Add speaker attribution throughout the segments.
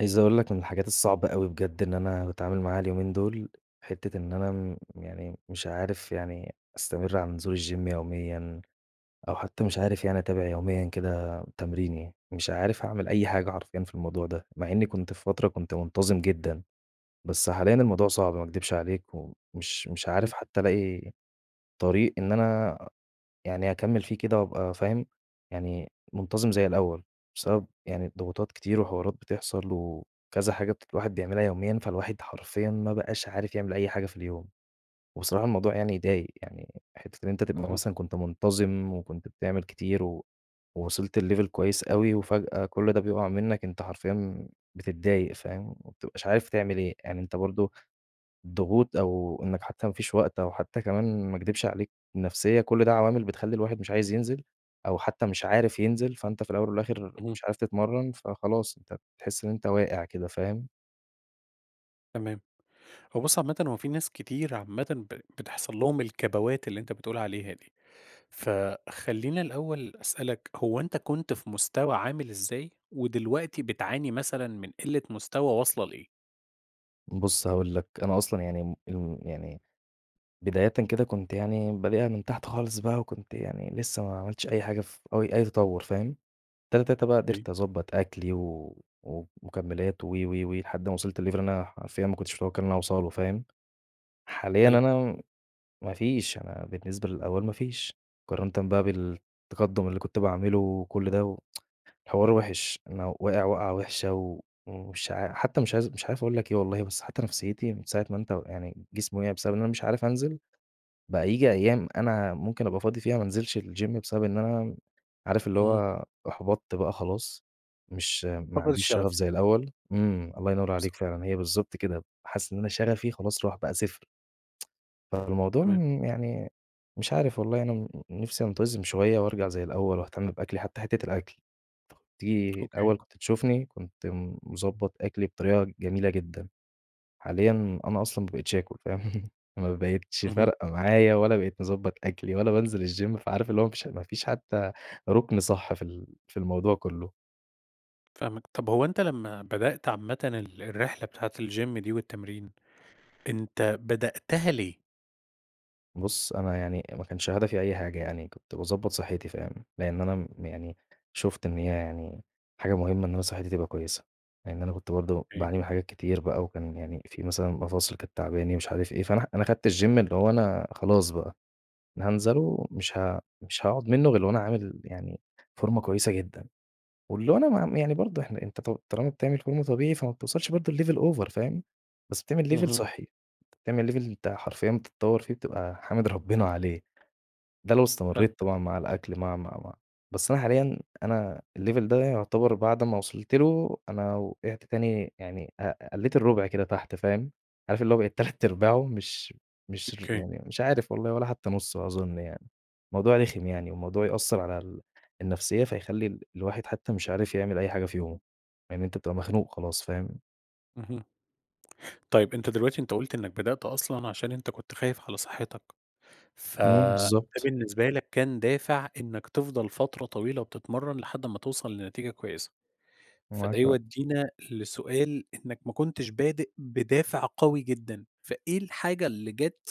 Speaker 1: عايز أقول لك من الحاجات الصعبة أوي بجد إن أنا باتعامل معاها اليومين دول، حِتّة إن أنا م يعني مش عارف يعني أستمر على نزول الGym يوميًا أو حتى مش عارف يعني أتابع يوميًا كده آآ تمريني، مش عارف أعمل أي حاجة حرفيًأ في الموضوع ده، مع إنّي كنت في فترة كنت منتظم جدًا، بس حاليًا الموضوع صعب ما أكدبش عليك، ومش مش
Speaker 2: إمم.
Speaker 1: عارف حتى ألاقي طريق إن أنا يعني أكمّل فيه كده وأبقى فاهم، يعني منتظم زي الأول، بسبب يعني الضغوطات كتير وحوارات بتحصل وكذا حاجة بت الواحد بيعملها يوميًا، فالواحد حرفيًا ما بقاش عارف يعمل أي حاجة في اليوم. وبصراحة الموضوع يعني يضايق، يعني حِتّة أنت تبقى
Speaker 2: أها.
Speaker 1: مثلًا كنت منتظم وكنت بتعمل كتير و وصلت لLevel كويس أوي، وفجأة كل ده بيبقع منّك، أنت حرفيًا بتتضايق فاهم، وما بتبقاش عارف تعمل إيه، يعني أنت برضه الضغوط أو إنّك حتى ما فيش وقت أو حتى كمان- ما أكدبش عليك- النفسية، كل ده عوامل بتخلّي الواحد مش عايز ينزل أو حتى مش عارف ينزل، فأنت في الأول والآخر
Speaker 2: اهم.
Speaker 1: مش عارف تتمرن، فخلاص أنت بتحس إن أنت واقع كده فاهم؟
Speaker 2: تمام. هو بُص عامةً هُو في ناس كتير عامةً ب بتحصل لهم الكبوات اللي أنت بتقول عليها دي. فخلّينا الأول أسألك، هو أنت كنت في مستوى عامل إزاي، ودلوقتي بتعاني مثلًا من قلة مستوى واصلة لإيه؟
Speaker 1: بُص هأقول لك، أنا أصلًا يعني، إمم، امم، يعني بدايةً كده كنت يعني بادئها من تحت خالص بقى وكنت يعني لسه ما عملتش أي حاجة ف أو أي تطور فاهم، تاتا تاتا بقى
Speaker 2: إيه.
Speaker 1: قدرت أضبط أكلي و و ومكملات وِ، وِ، وِ، لحد ما وصلت لLevel أنا حرفيًا ما كُنتش مُتوقع إن أنا هاوصلُه، فاهم حاليًا
Speaker 2: حلو.
Speaker 1: أنا م ما فيش أنا بالنسبة للأول ما فيش، مقارنةً بقى بالتقدم اللي كنت بأعمله وكل ده و حوار وحش، أنا واقع وقعة وحشة و ومش عا حتى مش عايز مش عارف أقول لك إيه والله بس حتى نفسيتي من ساعة ما أنت ويعني جسمي وقع بسبب إن أنا مش عارف أنزل، بقى ييجي أيام أنا ممكن أبقى فاضي فيها ما أنزلش الGym بسبب إن أنا م عارف اللي
Speaker 2: اهم.
Speaker 1: هو أحبطت بقى خلاص، مش ما
Speaker 2: فاقد
Speaker 1: عنديش شغف
Speaker 2: الشغف.
Speaker 1: زي الأول، امم، الله ينور
Speaker 2: بالضبط.
Speaker 1: عليك فعلًا، هي بالضبط كده، حاسس إن أنا شغفي خلاص راح بقى صفر فالموضوع
Speaker 2: تمام.
Speaker 1: م يعني مش عارف والله أنا ن نفسي أنتظم شوية وأرجع زي الأول وأهتم بأكلي حتى حِتّة الأكل، تيجي
Speaker 2: أوكي.
Speaker 1: الأول كنت تشوفني كنت مضبط أكلي بطريقة جميلة جدًا، حاليًا أنا أصلًا ما بقيتش آكل فاهم ما بقيتش
Speaker 2: اهم.
Speaker 1: فارقة معايا ولا بقيت مضبط أكلي ولا بانزل الGym فعارف اللي هو ما فيش ما فيش حتى ركن صح في ال في الموضوع كلّه.
Speaker 2: فاهمك. طَب هو أنت لمّا بدأت عامةً ال الرحلة بتاعة الGym دي والتمرين، أنت بدأتها ليه؟
Speaker 1: بُص، أنا يعني ما كانش هدفي أي حاجة، يعني كنت باضبط صحتي فاهم، لأن أنا م يعني شُفت إن هي يعني حاجة مهمة إن أنا صحتي تبقى كويسة، لإن أنا كنت برضه
Speaker 2: أوكي.
Speaker 1: باعاني من حاجات كتير بقى وكان يعني فيه مثلًا مفاصل كانت تعباني مش عارف إيه، فأنا ه أنا خدت الGym اللي هو أنا خلاص بقى، أنا هانزله ومش ها مش هاقعد منه غير وأنا عامل يعني فورمة كويسة جدًا. واللي هو أنا ما يعني برضه إحنا أنت تُ طالما بتعمل فورمة طبيعي فما بتوصلش برضه لLevel over فاهم، بس بتعمل Level
Speaker 2: اهم.
Speaker 1: صحّي، بتعمل Level أنت حرفيًا بتتطّور فيه بتبقى حامد ربنا عليه ده لو استمريت
Speaker 2: فاهمك.
Speaker 1: طبعًا مع الأكل مع، مع، مع. بس أنا حاليًا أنا الLevel ده يعتبر بعد ما وصلت له، أنا وقعت تاني يعني ق قلّيت الرُبع كده تحت فاهم، عارف اللي بقيت تلات أرباعه مش مش ر
Speaker 2: أوكي.
Speaker 1: يعني مش عارف والله ولا حتى نُصه أظن يعني. موضوع رخم يعني وموضوع يأثّرعلى ال النفسية، فيخلّي الواحد حتى مش عارف يعمل أي حاجة في يومه، لأن أنت بتبقى مخنوق خلاص فاهم؟
Speaker 2: اهم طيب، أنت دلوقتي أنت قُلت إنّك بدأت أصلًا عشان أنت كنت خايف على صحتك،
Speaker 1: إمم،
Speaker 2: فَده
Speaker 1: بالضبط.
Speaker 2: بالنسبة لك كان دافع إنّك تِفضل فترة طويلة وبتتمرن لحد أمّا توصل لنتيجة كويسة. فده
Speaker 1: معاك حق.
Speaker 2: يودّينا لسؤال إنّك ما كُنتش بادئ بدافع قوي جدًا، فإيه الحاجة اللي جات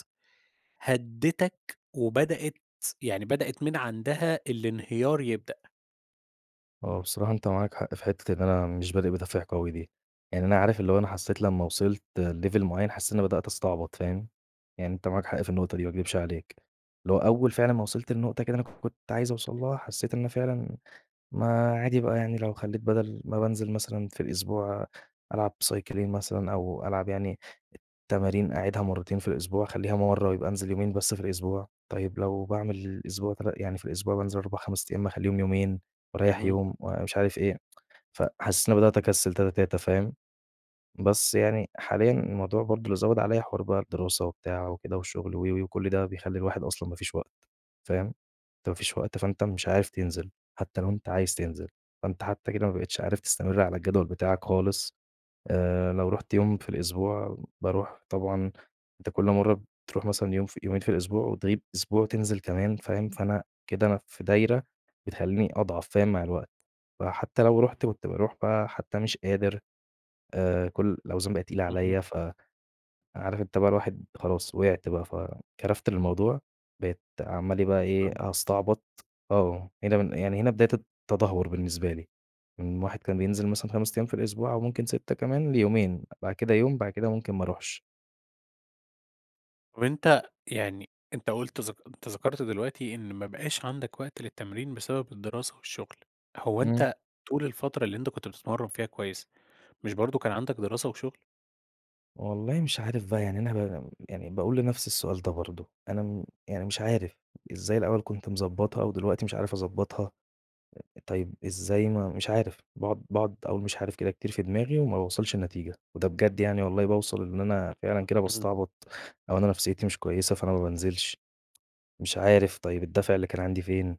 Speaker 2: هدّتك وبدأت س يعني بدأت من عندها الإنهيار يبدأ؟
Speaker 1: هُو بصراحة أنت معاك حق في حِتّة إن أنا مش بادئ بدافع قوي دي، يعني أنا عارف اللي هو أنا حسيت لمّا وِصلت لLevel معيّن حسيت إن أنا بدأت أستعبط، فاهم، يعني أنت معاك حق في النقطة دي ما أكدبش عليك، اللي هو أول فعلًا ما وصلت لنقطة كده أنا كنت عايز أوصل لها، حسيت إن أنا فعلًا ما عادي بقى يعني لو خلّيت بدل ما بانزل مثلًا في الأسبوع ألعب سايكلين مثلًا أو ألعب يعني تمارين أعيدها مرتين في الأسبوع، خليها مرة ويبقى أنزل يومين بس في الأسبوع، طيب لو باعمل الأسبوع تلا يعني في الأسبوع بانزل 4، 5 أيام، ما أخلّيهم يومين وأريّح
Speaker 2: اهم.
Speaker 1: يوم ومش عارف إيه. فحسّيت إنّي بدأت أكسل تاتا تاتا فاهم، بس يعني حاليًا الموضوع برضه اللي زوّد عليَّ حوار بقى الدراسة وبتاع وكده والشغل وِ، وِ، وكل ده بيخلّي الواحد أصلًا ما فيش وقت، فاهم، أنت ما فيش وقت فأنت مش عارف تنزل، حتى لو أنت عايز تنزل، فأنت حتى كده ما بقيتش عارف تستمر على الجدول بتاعك خالص، آآ، لو رُحت يوم في الأسبوع، باروح طبعًا، أنت كل مرة بتروح مثلًا يوم ف يومين في الأسبوع وتغيب أسبوع وتنزل كمان فاهم، فأنا كده أنا في دايرة بتخلّيني أضعف فاهم، مع الوقت. فحتى لو رُحت وبت روح بقى حتى مش قادر، آآ، كل الأوزان بقت تقيلة
Speaker 2: أها.
Speaker 1: عليَّ، ف عارف أنت بقى الواحد خلاص وقعت بقى، فكرفت للموضوع، بقيت عمّال إيه بقى إيه
Speaker 2: فاهم
Speaker 1: أستعبط آه هنا بن يعني هنا بداية الت التدهور بالنسبة لي، من واحد كان بينزل مثلًا 5 أيام في الأسبوع أو ممكن 6 كمان، ليومين، بعد كده يوم، بعد كده ممكن ما أرُوحش.
Speaker 2: طَب أنت، يعني أنت قُلت ذك أنت ذكرت دلوقتي إن ما بقاش عندك وقت للتمرين بسبب الدراسة والشغل، هو
Speaker 1: إمم.
Speaker 2: أنت طول الفترة اللي أنت كنت بتتمرن فيها كويس، مش برضه كان عندك دراسة وشغل؟
Speaker 1: والله مش عارف بقى يعني أنا ب يعني بأقول لنفسي السؤال ده برضه، أنا، إمم، يعني مش عارف، إزاي الأول كنت مضبطها و دلوقتي مش عارف أضبطها؟ آآ، طيب إزاي ما مش عارف! باقعد باقعد أقول مش عارف كده كتير في دماغي وما باوصلش لنتيجة، وده بجد يعني والله بأوصل إن أنا فعلًا كده
Speaker 2: اهم.
Speaker 1: باستعبط أو أنا نفسيتي مش كويسة، فأنا ما بانزلش، مش عارف طيب الدافع اللي كان عندي فين؟!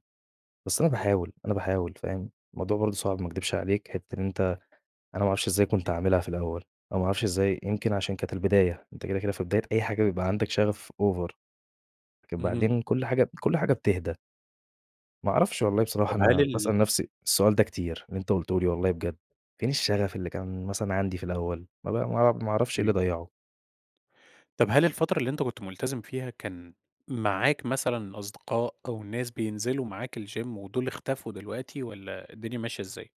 Speaker 1: بس أنا بأحاول، أنا بأحاول، فاهم، الموضوع برضه صعب ما أكدبش عليك، حِتّة إن أنت أنا ما أعرفش إزاي كنت عاملها في الأول، أو ما أعرفش إزاي يمكن عشان كانت البداية، أنت كده، كده في بداية أي حاجة بيبقى عندك شغف Over لكن
Speaker 2: اهم.
Speaker 1: بعدين كل حاجة ب كل حاجة بتهدى. ما أعرفش والله بصراحة
Speaker 2: طَب هل
Speaker 1: أنا
Speaker 2: ال
Speaker 1: باسأل نفسي السؤال ده كتير، اللي أنت قُلته لي والله بجد، فين الشغف اللي كان مثلًا عندي في الأول؟! ما ب ما ما أعرفش إيه اللي
Speaker 2: تمام.
Speaker 1: ضيعُه!
Speaker 2: طَب هل الفترة اللي أنت كنت مُلتزم فيها كان معاك مثلًا أصدقاء أو الناس بينزلوا معاك الGym ودول اختفوا دلوقتي والَّا الدنيا ماشية إزاي؟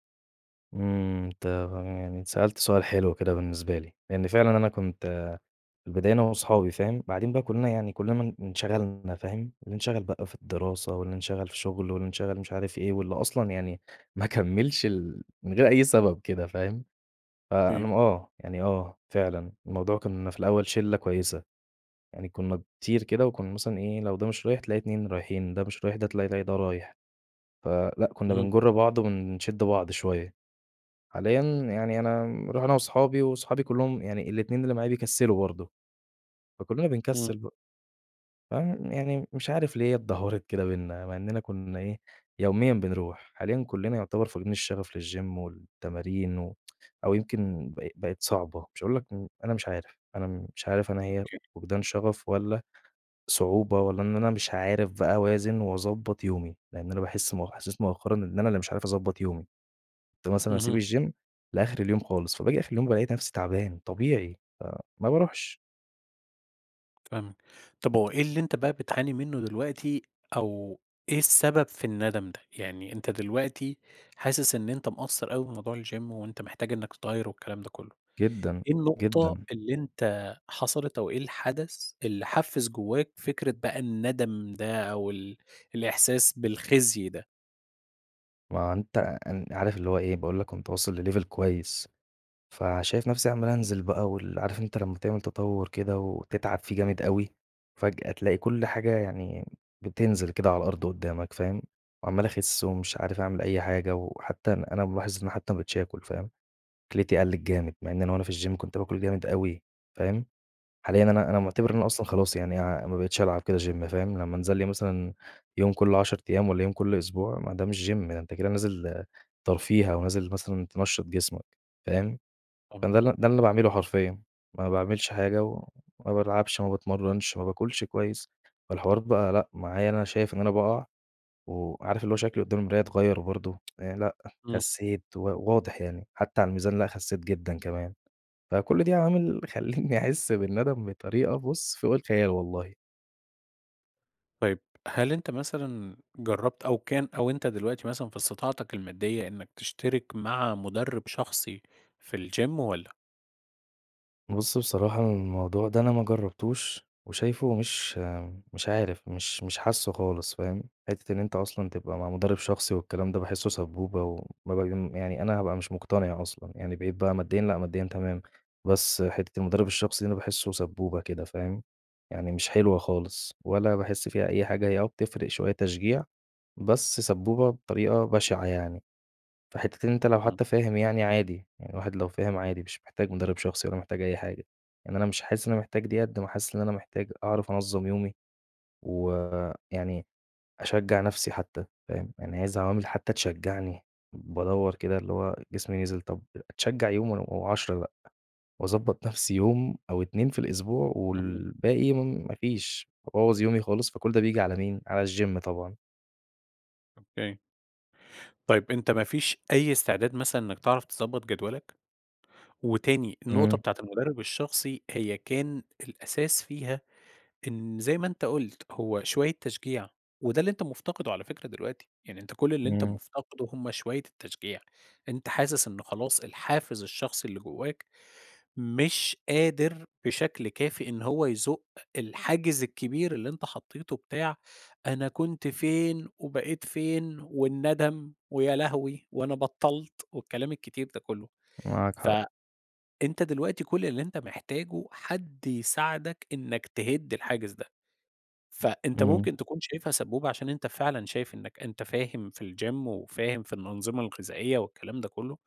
Speaker 1: إمم، أنت فاهم يعني سألت سؤال حلو كده بالنسبة لي، لأن فعلًا أنا كنت، آآ، في البداية أنا وأصحابي فاهم، بعدين بقى كُلّنا يعني كُلّنا م انشغلنا فاهم، اللي انشغل بقى في الدراسة واللي انشغل في شغله واللي انشغل مش عارف إيه واللي أصلًا يعني ما كمّلش ال من غير أي سبب كده فاهم، فأنا
Speaker 2: إمم.
Speaker 1: م آه، يعني آه، فعلًا، الموضوع كُنّا في الأول شِلّة كويسة، يعني كُنّا كتير كده وكُنّا مثلًا إيه، لو ده مش رايح تلاقي 2 رايحين، ده مش رايح تلاقي ي ده رايح. فلأ، كُنّا
Speaker 2: امم.
Speaker 1: بنجُرّ بعض ونشِدّ بعض شوية. حاليًا يعني أنا رُحنا وأصحابي وأصحابي كلّهم يعني ال2 اللي معايا بيكسلوا برضه، فكُلّنا
Speaker 2: إمم.
Speaker 1: بنكسّل بقى. فيعني يعني مش عارف ليه هي اتدهورت كده بيننا! مع إننا كُنّا إيه، يوميًا بنروح، حاليًا كُلنّا يُعتبر فاقدين الشّغف للGym والتمارين و أو يمكن ب بَقت صعبة، مش هأقول لك امم، أنا مش عارف! أنا م مش عارف أنا هي
Speaker 2: أوكي.
Speaker 1: فُقدان شَغف والّا صعوبة والّا إن أنا مش عارف بقى أوازن وأضبط يومي، لأن أنا باحِسّ مؤخ إحساس مؤخرًا إن أنا اللي مش عارف أضبط يومي، كُنت مثلًا
Speaker 2: اهم.
Speaker 1: أسيب الGym لآخر اليوم خالص، فباجي آخر اليوم بالاقي نفسي تعبان، طبيعي، فما باروحش.
Speaker 2: فاهمك. طَب هُو إيه اللي أنت بقى بتعاني منه دلوقتي أو إيه السبب في الندم ده؟ يعني أنت دلوقتي حاسس إن أنت مقصّر أوي بموضوع الGym وأنت محتاج إنك تتغير والكلام ده كلّه،
Speaker 1: جدًا،
Speaker 2: إيه النقطة
Speaker 1: جدًا.
Speaker 2: اللي أنت حصلِت أو إيه الحدث اللي حفّز جواك فكرة بقى الندم ده أو ال الإحساس بالخزي ده؟
Speaker 1: ما أنت إن عارف اللي هو إيه، باقول لك كُنت واصل لLevel كويّس فشايف نفسي عمّال أنزل بقى وال عارف أنت لمّا تعمل تطور كده وتتعب فيه جامد أوي، وفجأة تلاقي كل حاجة يعني بتنزل كده على الأرض قدّامك فاهم، عمّال أخِسّ ومش عارف أعمل أي حاجة وحتى أن أنا ملاحظ إن حتى ما بقيتش آكُل، فاهم، أكلتي قلّت جامد، مع إن أنا وأنا في الGym كنت بآكل جامد أوي، فاهم. حاليًا أنا أنا معتبِر إن
Speaker 2: أوكي.
Speaker 1: أنا أصلًا خلاص يعني، آآ، ما بقيتش ألعب كده Gym فاهم، لمّا أنزل لي مثلًا يوم كل 10 أيام والّا يوم كل أسبوع، ما ده مش Gym ده أنت كده نازل ترفيه أو نازل مثلًا تنشّط جسمك، فاهم.
Speaker 2: آه.
Speaker 1: فده ال ده اللي أنا باعمله حرفيًا، ما باعملش حاجة وما بالعبش، ما باتمرنش، ما باكُلش كويّس والحوار بقى لأ، معايا أنا شايف إن أنا بأقع و عارف اللي هو شكلي قدام المراية اتغيّر وبرضه آآ، لأ
Speaker 2: إمم.
Speaker 1: خسّيت، و واضح يعني، حتى على الميزان لا خسّيت جدًا كمان. فكُلّ دي عوامل خلِّتني أحِس بالنّدم بطريقة بُص، فوق الخيال والله!
Speaker 2: طيب، هل أنت مثلًا جرّبت، أو كان أو أنت دلوقتي مثلًا في إستطاعتك المادية إنك تشترك مع مدرب شخصي في الGym والّا؟
Speaker 1: بُص، بصراحة الموضوع ده أنا ما جربتوش وشايفُه مش مش عارف، مش مش حاسّه خالص فاهم، حِتّة إن أنت أصلًا تبقى مع مدرب شخصي والكلام ده باحسّه سبّوبة و وما باجي يعني أنا هابقى مش مقتنع أصلًا، يعني بقيت بقى ماديًا لأ، ماديًا تمام، بس حِتّة المدرب الشخصي دي أنا باحسُّه سبّوبة كده فاهم، يعني مش حلوة خالص ولا باحس فيها أي حاجة، هي آه بتفرق شوية تشجيع، بس سبّوبة بطريقة بشعة يعني. فحِتّة إن أنت لو
Speaker 2: اهم.
Speaker 1: حتى فاهم يعني عادي، يعني الواحد لو فاهم عادي، مش محتاج مدرب شخصي ولا محتاج أي حاجة. يعني أنا مش حاسس إن أنا محتاج ديّة، قد ما حاسس إن أنا محتاج أعرف أنظّم يومي، و يعني أشجّع نفسي حتى فاهم، يعني عايز عوامل حتى تشجعني، بادوّر كده اللي هو جسمي نزل، طَب أتشجع يوم ون و10 لأ، وأضبط نفسي يوم أو 2 في الأسبوع
Speaker 2: تمام.
Speaker 1: والباقي مُن ما فيش وأبوّظ يومي خالص، فكل ده بييجي على مين، على الGym طبعًا.
Speaker 2: أوكي. طيب أنت ما فيش أي إستعداد مثلًا إنّك تعرف تضبط جدولك؟ وتاني، النقطة
Speaker 1: إمم.
Speaker 2: بتاعة المدرب الشخصي هي كان الأساس فيها، إن زي ما أنت قُلت هو شوية تشجيع، وده اللي أنت مفتقده على فكرة دلوقتي، يعني أنت كل اللي أنت
Speaker 1: إمم.
Speaker 2: مفتقده هُم شوية التشجيع، أنت حاسس إن خلاص الحافز الشخصي اللي جواك مش قادر بشكل كافي إن هو يزُق الحاجز الكبير اللي أنت حطيته بتاع أنا كنت فين وبقيت فين والندم ويا لهوي وأنا بطّلت، والكلام الكتير ده كلّه.
Speaker 1: معاك
Speaker 2: ف
Speaker 1: حق.
Speaker 2: أنت دلوقتي كل اللي أنت محتاجه حد يساعدك إنك تهد الحاجز ده، فأنت
Speaker 1: إمم.
Speaker 2: ممكن تكون شايفها سبّوبة عشان أنت فعلًا شايف إنك أنت فاهم في الGym وفاهم في الأنظمة الغذائية والكلام ده كلّه،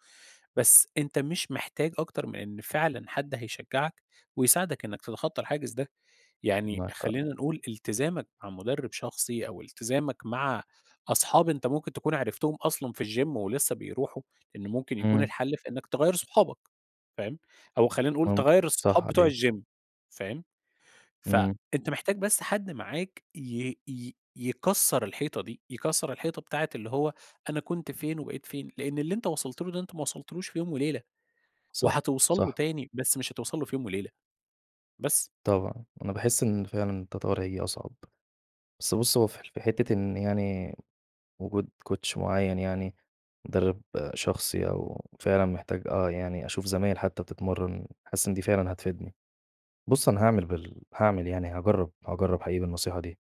Speaker 2: بس أنت مش محتاج أكتر من إن فعلًا حد هيشجعك ويساعدك إنك تتخطى الحاجز ده، يعني
Speaker 1: معاك حق.
Speaker 2: خلّينا نقول إلتزامك مع مدرب شخصي أو التزامك مع أصحاب أنت ممكن تكون عرفتهم أصلًا في الGym ولسه بيروحوا، إنه ممكن يكون
Speaker 1: إمم.
Speaker 2: الحل في إنك تغيّر صُحابك، فاهم، أو خلّينا نقول
Speaker 1: ممكن،
Speaker 2: تغيّر الصحاب
Speaker 1: صح
Speaker 2: بتوع
Speaker 1: عليه.
Speaker 2: الGym فاهم؟
Speaker 1: إمم.
Speaker 2: فأنت محتاج بس حد معاك ي ي يكَسّر الحيطة دي، يكَسّر الحيطة بتاعة اللي هو أنا كنت فين وبقيت فين، لأن اللي أنت وصلت له ده أنت ما وصلتلوش في يوم وليلة،
Speaker 1: صح،
Speaker 2: وهتوصل له
Speaker 1: صح.
Speaker 2: تاني، بس مش هتوصل له في يوم وليلة. بس.
Speaker 1: طبعًا، أنا باحس إن فعلًا التطور هييجي أصعب، بس بُص هو في في حِتّة إن يعني وجود Coach معين يعني، مدرب شخصي أو فعلًا محتاج آه يعني أشوف زمايل حتى بتتمرن، حاسس إن دي فعلًا هتفيدني. بُص أنا هاعمل بال هاعمل يعني هاجرب، هاجرب حقيقي بالنصيحة دي،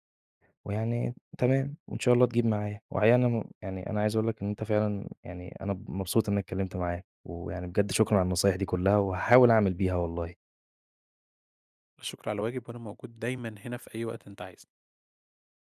Speaker 1: ويعني تمام وإن شاء الله تجيب معايا. وحقيقي يعني أنا م يعني أنا عايز أقول لك إن أنت فعلًا يعني أنا ب مبسوط إن أنا اتكلمت معاك، ويعني بجد شكرًا على النصايح دي كلّها، وهاحاول أعمل بيها والله.
Speaker 2: لا شُكر على واجب، وأنا موجود دايمًا هنا في أي وقت أنت عايزُه.